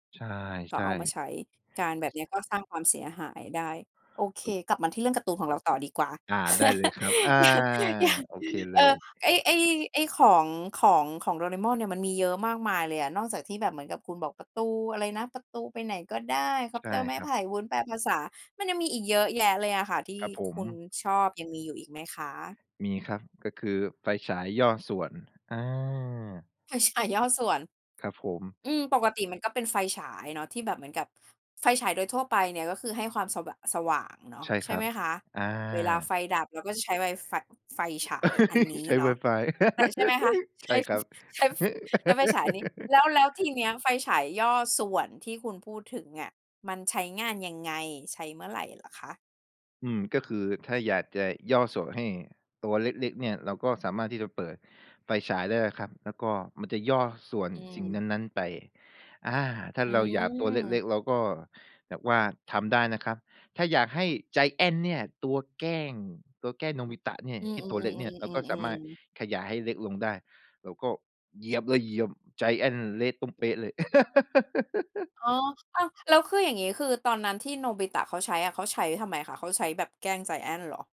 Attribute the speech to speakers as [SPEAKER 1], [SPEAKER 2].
[SPEAKER 1] ใช่
[SPEAKER 2] ก็
[SPEAKER 1] ใช่
[SPEAKER 2] เอามาใช้ การแบบเนี้ยก็สร้างความเสียหายได้ โอเค กลับมาที่เรื่องการ์ตูนของเราต่อดีกว่า
[SPEAKER 1] อา ได้เลยครับ อา
[SPEAKER 2] อย่าง อ อย่าง
[SPEAKER 1] โอเคเล
[SPEAKER 2] เออ
[SPEAKER 1] ย
[SPEAKER 2] ไอ้ ไอ้ ไอ้ของ ของ ของโดราเอมอนเนี่ย มันมีเยอะมากมายเลยอะ นอกจากที่แบบเหมือนกับ คุณบอกประตูอะไรนะ ประตูไปไหนก็ได้ คอ
[SPEAKER 1] ใ
[SPEAKER 2] ป
[SPEAKER 1] ช่
[SPEAKER 2] เตอร์ไม้
[SPEAKER 1] คร
[SPEAKER 2] ไ
[SPEAKER 1] ั
[SPEAKER 2] ผ
[SPEAKER 1] บ
[SPEAKER 2] ่ วุ้นแปลภาษา มันยังมีอีกเยอะแยะเลยอะค่ะ ที่
[SPEAKER 1] ครับผ
[SPEAKER 2] ค
[SPEAKER 1] ม
[SPEAKER 2] ุณชอบยังมีอยู่อีกไหมคะ?
[SPEAKER 1] มีครับ ก็คือไฟฉายย่อส่วน อา
[SPEAKER 2] ไฟฉายย่อส่วน
[SPEAKER 1] ครับผม
[SPEAKER 2] อืม ปกติมันก็เป็นไฟฉายเนาะ ที่แบบเหมือนกับไฟฉายโดยทั่วไปเนี่ย ก็คือให้ความสะวะ สว่างเนาะ
[SPEAKER 1] ใช่
[SPEAKER 2] ใช
[SPEAKER 1] ค
[SPEAKER 2] ่
[SPEAKER 1] รั
[SPEAKER 2] ไ
[SPEAKER 1] บ
[SPEAKER 2] หมคะ?
[SPEAKER 1] อ
[SPEAKER 2] เวลาไ
[SPEAKER 1] า
[SPEAKER 2] ฟดับเราก็จะใช้ไวไฟ ไฟฉายอันนี้
[SPEAKER 1] ใช้
[SPEAKER 2] เนาะ
[SPEAKER 1] WiFi
[SPEAKER 2] แต่ ใช่ไหมคะ? ใ
[SPEAKER 1] ใ
[SPEAKER 2] ช
[SPEAKER 1] ช
[SPEAKER 2] ้
[SPEAKER 1] ่ครับ
[SPEAKER 2] ใช้ ฟ ใช้ไฟฉายอันนี้ แล้ว แล้วทีเนี้ยไฟฉายย่อส่วนที่คุณพูดถึงอะ มันใช้งานยังไง? ใช้เมื่อไรเหรอคะ?
[SPEAKER 1] อืม ก็คือถ้าอยากจะย่อส่วนให้ตัวเล็ก ๆ เนี่ย เราก็สามารถที่จะเปิดไฟฉายได้นะครับ แล้วก็มันจะย่อส่วน
[SPEAKER 2] อื
[SPEAKER 1] สิ่ง
[SPEAKER 2] ม
[SPEAKER 1] นั้น ๆ ไป อา ถ้า
[SPEAKER 2] อื
[SPEAKER 1] เราอยากตัวเล็
[SPEAKER 2] ม
[SPEAKER 1] ก ๆ เราก็แบบว่าทำได้นะครับ ถ้าอยากให้ไจแอนท์เนี่ย ตัวแกล้ง ตัวแกล้งโนบิตะเนี่ย
[SPEAKER 2] อือ
[SPEAKER 1] ที่ตัวเล็กเนี่ย เราก็สามารถ
[SPEAKER 2] ๆ ๆ ๆ ๆ ๆ ๆ
[SPEAKER 1] ขยายให้เล็กลงได้ เราก็เหยียบเลย เหยียบไจแอนท์เละตุ้มเป๊ะเลย
[SPEAKER 2] อ๋อ อ้าว แล้วคืออย่างงี้ คือตอนนั้นที่โนบิตะเขาใช้อะ เขาใช้ทำไมคะ เขาใช้แบบแกล้งไจแอนท์เหรอ?